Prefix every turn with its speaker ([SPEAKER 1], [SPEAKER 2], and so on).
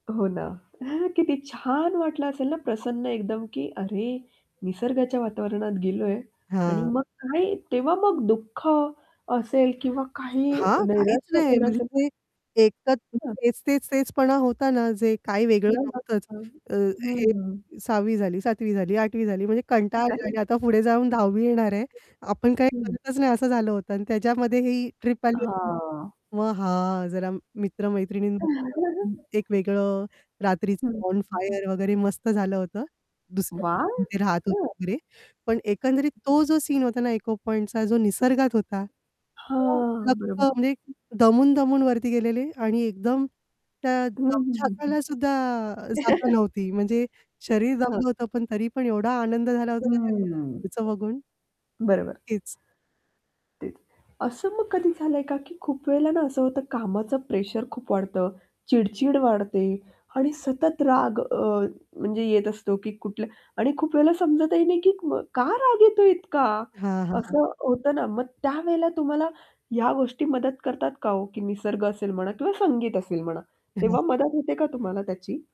[SPEAKER 1] हो ना. किती छान वाटलं असेल ना प्रसन्न एकदम की अरे! निसर्गाच्या वातावरणात गेलोय आणि
[SPEAKER 2] हां.
[SPEAKER 1] मग काय तेव्हा मग दुःख असेल किंवा काही
[SPEAKER 2] हां, काहीच
[SPEAKER 1] नैराश्य
[SPEAKER 2] नाही.
[SPEAKER 1] झालं
[SPEAKER 2] म्हणजे
[SPEAKER 1] असेल तर
[SPEAKER 2] ते एकच [unintelligible]
[SPEAKER 1] [unintelligible]
[SPEAKER 2] तेच-तेच-तेचपणा होता ना जे काही वेगळं
[SPEAKER 1] [unintelligible]
[SPEAKER 2] नव्हतंच
[SPEAKER 1] हं,
[SPEAKER 2] अ, हे
[SPEAKER 1] हं.
[SPEAKER 2] 6वी झाली, 7वी झाली, 8वी झाली म्हणजे कंटाळा आलेला
[SPEAKER 1] अरे!
[SPEAKER 2] आणि आता पुढे जाऊन 10वी येणार आहे. आपण काही
[SPEAKER 1] हं, हं.
[SPEAKER 2] करतच नाही, असं झालं होतं आणि त्याच्यामध्ये ही ट्रिप आली होती
[SPEAKER 1] हां.
[SPEAKER 2] मग हां. जरा मित्र-मैत्रिणीं बरोबरपण एक वेगळं, रात्रीचं
[SPEAKER 1] हं. हं,
[SPEAKER 2] बॉन
[SPEAKER 1] हं.
[SPEAKER 2] फायर वगैरे मस्त झालं होतं. दुसऱ्या
[SPEAKER 1] वाह!
[SPEAKER 2] रूममधे राहत होतो
[SPEAKER 1] हां.
[SPEAKER 2] वगैरे पण एकंदरीत
[SPEAKER 1] [unintelligible]
[SPEAKER 2] तो जो सीन होता ना इको पॉइंटचा जो निसर्गात होता हो.
[SPEAKER 1] हां,
[SPEAKER 2] लख्ख
[SPEAKER 1] बरोबर.
[SPEAKER 2] म्हणजे दमून-दमून वरती गेलेले आणि एकदम त्या
[SPEAKER 1] हं, हं, हं, हं.
[SPEAKER 2] दमछाकाला सुद्धा जागा नव्हती म्हणजे शरीर
[SPEAKER 1] हां.
[SPEAKER 2] दमलं होतं पण तरी पण एवढा आनंद झाला होता ना त्या [unintelligible] ते
[SPEAKER 1] हं.
[SPEAKER 2] पुढचं बघून.
[SPEAKER 1] बरोबर.
[SPEAKER 2] तेच.
[SPEAKER 1] तेच, असं मग कधी झालंय का? की खूप वेळेला ना असं होतं, कामाच प्रेशर खूप वाढतं, चिड-चिड वाढते आणि सतत राग अ, म्हणजे येत असतो की कुठल्या आणि खूप वेळेला समजतही नाही की का राग येतो इतका?
[SPEAKER 2] हां, हां.
[SPEAKER 1] असं होतं ना मग. त्यावेळेला तुम्हाला या गोष्टी मदत करतात का हो की निसर्ग असेल म्हणा किंवा संगीत असेल म्हणा तेव्हा
[SPEAKER 2] [unintelligible]
[SPEAKER 1] मदत होते का तुम्हाला त्याची?